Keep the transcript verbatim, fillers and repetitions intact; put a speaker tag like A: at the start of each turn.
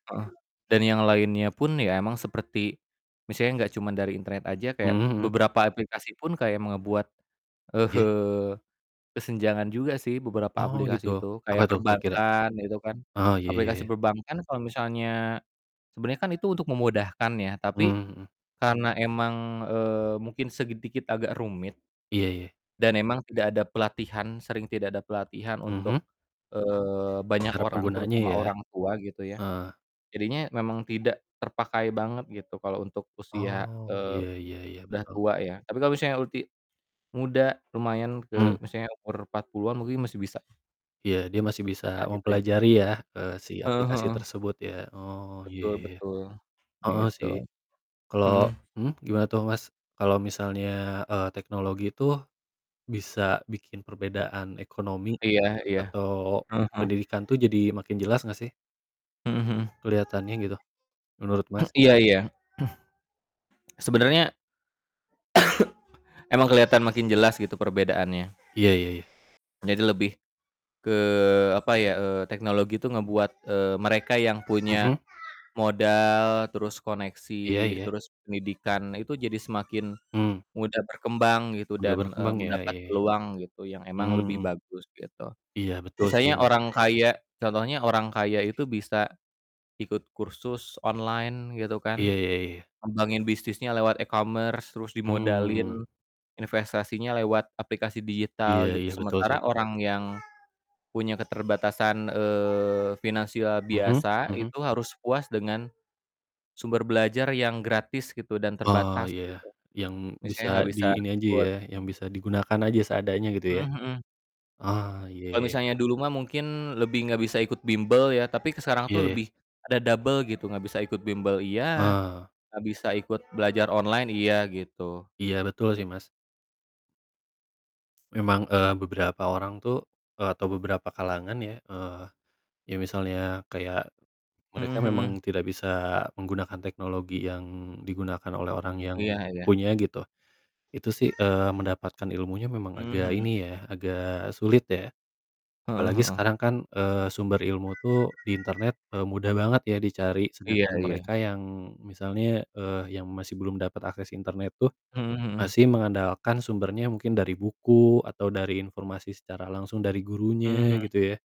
A: Heeh. Dan yang lainnya pun ya emang seperti misalnya gak cuma dari internet aja kayak,
B: Mhm mhm.
A: beberapa aplikasi pun kayak me ngebuat,
B: Iya.
A: eee, kesenjangan juga sih, beberapa
B: Oh, gitu.
A: aplikasi itu,
B: Apa
A: kayak
B: tuh kira-kira?
A: perbankan, itu kan.
B: Oh, iya iya
A: Aplikasi
B: iya.
A: perbankan kalo misalnya sebenernya kan itu untuk memudahkan ya
B: Mmm,
A: tapi
B: mhm.
A: karena emang, eee, mungkin segi dikit agak rumit,
B: Iya iya.
A: dan emang tidak ada pelatihan, sering tidak ada pelatihan
B: Mhm.
A: untuk, eee, banyak
B: Para
A: orang,
B: penggunanya
A: terutama
B: ya.
A: orang tua gitu ya.
B: Heeh.
A: Jadinya memang tidak terpakai banget gitu kalo untuk usia,
B: Oh,
A: eee,
B: ya ya ya,
A: udah
B: betul.
A: tua ya. Tapi kalo misalnya ulti muda, lumayan ke
B: Mmm.
A: misalnya umur empat puluhan mungkin masih bisa.
B: Iya, dia masih bisa
A: Ah, gitu ya.
B: mempelajari ya, eee, si
A: Eee,
B: aplikasi
A: heeh.
B: tersebut ya. Oh, iya,
A: Betul
B: ya ya.
A: betul.
B: Heeh
A: Gitu.
B: sih. Kalo
A: Mhm.
B: mhm, gimana tuh, Mas? Kalo misalnya, eee, teknologi tuh bisa bikin perbedaan ekonomi
A: Iya iya.
B: atau
A: Heeh
B: pendidikan
A: heeh.
B: tuh jadi makin jelas gak sih?
A: Mhm mhm.
B: Kelihatannya gitu, menurut, Mas?
A: Iya iya. Sebenarnya emang keliatan makin jelas gitu perbedaannya.
B: Iya iya iya.
A: Jadi lebih ke, apa ya, eee, teknologi itu ngebuat, eee, mereka yang punya
B: Mhm.
A: modal, terus
B: Iya
A: koneksi,
B: iya.
A: terus pendidikan, nah, itu jadi semakin
B: Mmm.
A: mudah berkembang gitu
B: Udah
A: dan, eee,
B: berkembang ya,
A: mendapat
B: iya iya.
A: peluang gitu yang emang
B: Mhm
A: lebih
B: mhm.
A: bagus gitu.
B: Iya, betul sih,
A: Misalnya
B: Mas.
A: orang kaya, contohnya orang kaya itu bisa ikut kursus online gitu
B: Iya
A: kan.
B: iya iya.
A: Ngembangin bisnisnya lewat e-commerce, terus
B: Mmm.
A: dimodalin, investasinya lewat aplikasi
B: Iya
A: digital gitu.
B: iya. Betul
A: Sementara
B: sih.
A: orang yang punya keterbatasan, eee, finansial
B: Mhm
A: biasa,
B: mhm.
A: itu harus puas dengan sumber belajar yang gratis gitu dan
B: Ah,
A: terbatas,
B: iya.
A: gitu.
B: Yang bisa
A: Misalnya gak
B: di
A: bisa
B: ini aja
A: ikut
B: ya, yang bisa digunakan aja seadanya gitu
A: Mhm
B: ya.
A: mhm.
B: Ah, iya
A: Kalo
B: iya.
A: misalnya dulu mah mungkin lebih gak bisa ikut bimbel ya, tapi sekarang tuh
B: Iya iya.
A: lebih ada double gitu gak bisa ikut bimbel, iya,
B: Eee.
A: gak bisa ikut belajar online iya, gitu.
B: Iya, betul sih, Mas. Memang, eee, beberapa orang tuh, eee, atau beberapa kalangan ya, eee, ya misalnya kayak
A: Mhm
B: mereka
A: mhm.
B: memang tidak bisa menggunakan teknologi yang digunakan oleh orang yang
A: Iya iya.
B: punya, gitu. Itu sih, eee, mendapatkan ilmunya memang
A: Mmm,
B: agak
A: mhm.
B: ini ya, agak sulit ya.
A: Heeh
B: Apalagi
A: heeh.
B: sekarang kan, eee, sumber ilmu tuh di internet, eee, mudah banget ya dicari,
A: Iya
B: sedangkan
A: iya.
B: mereka yang misalnya, eee, yang masih belum dapat akses internet tuh
A: Mhm mhm.
B: masih mengandalkan sumbernya mungkin dari buku atau dari informasi secara langsung dari
A: Mmm,
B: gurunya,
A: mhm.
B: gitu ya.